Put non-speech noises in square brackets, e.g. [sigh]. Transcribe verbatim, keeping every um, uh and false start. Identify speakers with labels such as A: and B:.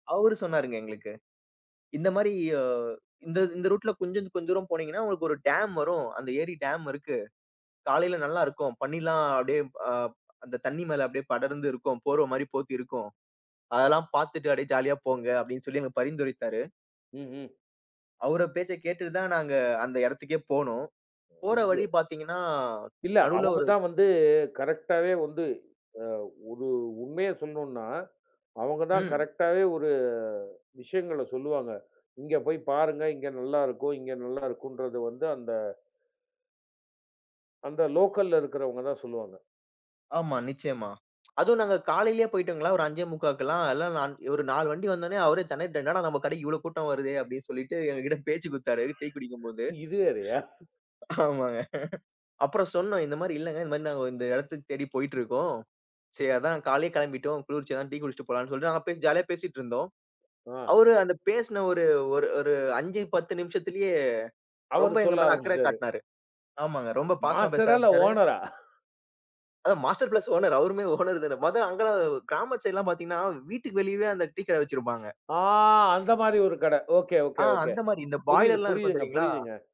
A: அவரு சொன்னாருங்க எங்களுக்கு. இந்த மாரி அ இந்த இந்த ரூட்ல கொஞ்ச கொஞ்ச தூரம் போனீங்கன்னா, உங்களுக்கு ஒரு டேம் வரும், அந்த ஏரி டேம் இருக்கு. காலைல நல்லா இருக்கும், பனிலாம் அப்டியே அ, அந்த தண்ணி மேல அப்டியே படர்ந்து இருக்கும், போர்வ மாரி போத்தி இருக்கும். அதெல்லாம் பாத்துட்டு அப்டியே ஜாலியா போங்க, அப்டின்னு சொல்லி எங்களுக்கு பரிந்துரைத்தாரு.
B: ம். ம்.
A: அவர பேச்ச கேட்டுட்டுதான் நாங்க அந்த எடத்துக்கே போனோம். போற
B: ஐயோ!
A: வழி பாத்தீங்கன்னா
B: இல்ல.
A: நடுவுல ஒரு
B: அவங்கதான் வந்து கரெக்ட்டாவே வந்து அ, ஒரு உண்மைய சொல்லணும்னா, அவங்கதான்
A: ம்.
B: கரெக்ட்டாவே ஒரு விஷயங்கள சொல்லுவாங்க. இங்க போயி பாருங்க இங்க நல்லா இருக்கும் இங்க நல்லா இருக்கும்ன்றது வந்து அந்த அந்த லோக்கல்ல இருக்கிறவங்கதான் சொல்லுவாங்க.
A: ஆமா, நிச்சயமா. [smacks lips] அதுவும் நாங்க காலையிலே போயிட்டோங்களா, ஒரு அஞ்சே முக்காலாம் எல்லாம். நான், இவரு நாலு வண்டி வந்தோன்னே அவரே தெணறிட்டாரு, என்னடா! நம்ம கடைக்கு இவ்ளோ கூட்டம் வருதே அப்டி சொல்லிட்டு எங்ககிட்ட பேச்சு குடுத்தாரு, டீ குடிக்கும் போது.
B: இது வேறயா?
A: ஆமாங்க, அப்புறம் சொன்னோம், இந்த மாரி இல்லங்க, இந்த மாரி நாங்க இந்த எடத்துக்கு தேடி போய்ட்டிருக்கோம். சரி அதான் காலையிலேயே கெளம்பிட்டோம், குளிர்ச்சியா அதான் டீ குடிச்சிட்டு போலான்னு சொல்லிட்டு நாங்க பேசி ஜாலியா பேசிட்டு இருந்தோம்.
B: ஆ.
A: அவரு அந்த பேசின ஒரு ஒரு ஒரு அஞ்சு பத்து நிமிஷத்துலே
B: அவரு
A: ரொம்ப எங்க
B: சொல்ல
A: மேல அக்கற
B: ஆரம்பிச்சுட்டாரு.
A: காட்னாரு. ஆமாங்க, ரொம்ப பாசமா பேச
B: மாஸ்டரா? இல்ல
A: ஆரம்பிச்சாரு
B: ஓனரா?
A: அதான் மாஸ்டர் பிளஸ் ஓனர், அவருமே ஓனர்தானே. மொத அங்கள கிராமத்து சைடுலாம் பார்த்தீங்கன்னா, வீட்டுக்கு வெளியவே அந்த டீ கடை வச்சிருப்பாங்க.
B: ஆ. அந்த மாரி ஒரு கட. ஓகே
A: ஆ,
B: ஓகே ஓகே.
A: அந்த மாரி, இந்த
B: புரியுது
A: பாய்லர்லாம் இருக்கும்
B: புரியுதுங்க
A: தெரியுங்களா?
B: புரியுதுங்க.